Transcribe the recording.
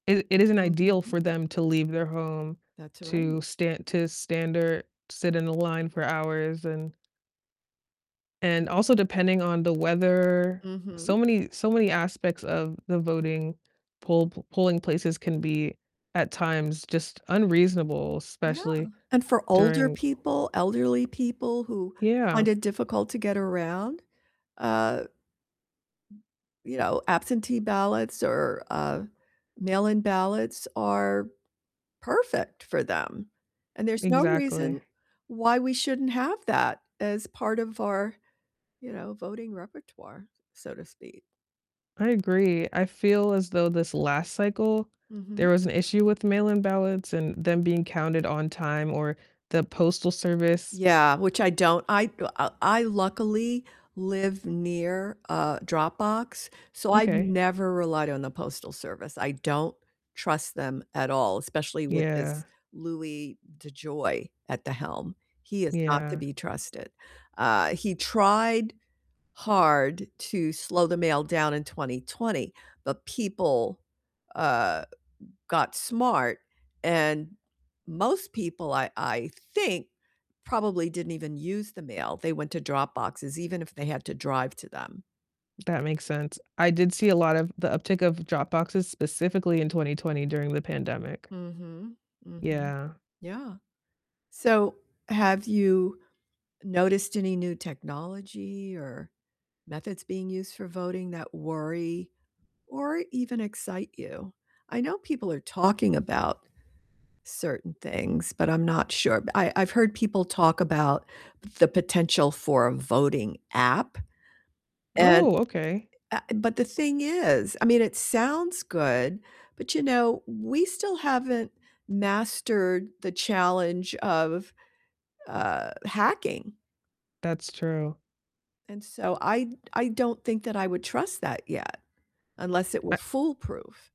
It it isn't ideal Mhm. for them to leave their home That's right. to stan to stand or sit in a line for hours and and also depending on the weather. Mhm. So many so many aspects of the voting pol polling places can be, at times, just unreasonable, Yeah, especially and for older during people, elderly people who find Yeah. it difficult to get around, uh, you know, absentee ballots or, uh, mail-in ballots are perfect for them, and there's no Exactly. reason why we shouldn't have that as part of our, you know, voting repertoire, so to speak. I agree. I feel as though this last cycle there Mhm. was an issue with mail-in ballots and them being counted on time or the postal service Yeah, which I don't I, uh, I luckily live near a drop box, so I've Okay. never relied on the postal service. I don't trust them at all, especially with Yeah. this Louis DeJoy at the helm. He is not to Yeah. be trusted. Uh, he tried hard to slow the mail down in 2020, but people, uh, got smart, and most people I I think probably didn't even use the mail. They went to drop boxes even if they had to drive to them. That makes sense. I did see a lot of the uptick of drop boxes specifically in 2020 during the pandemic. Mhm. Mhm. Yeah. Yeah. So, have you noticed any new technology or methods being used for voting that worry or even excite you? I know people are talking about certain things, but I'm not sure. But I I've heard people talk about the potential for a voting app, and, Oh, okay. uh, but the thing is, I mean, it sounds good, but, you know, we still haven't mastered the challenge of, uh, hacking That's true. and so I I don't think that I would trust that yet, unless it were I foolproof.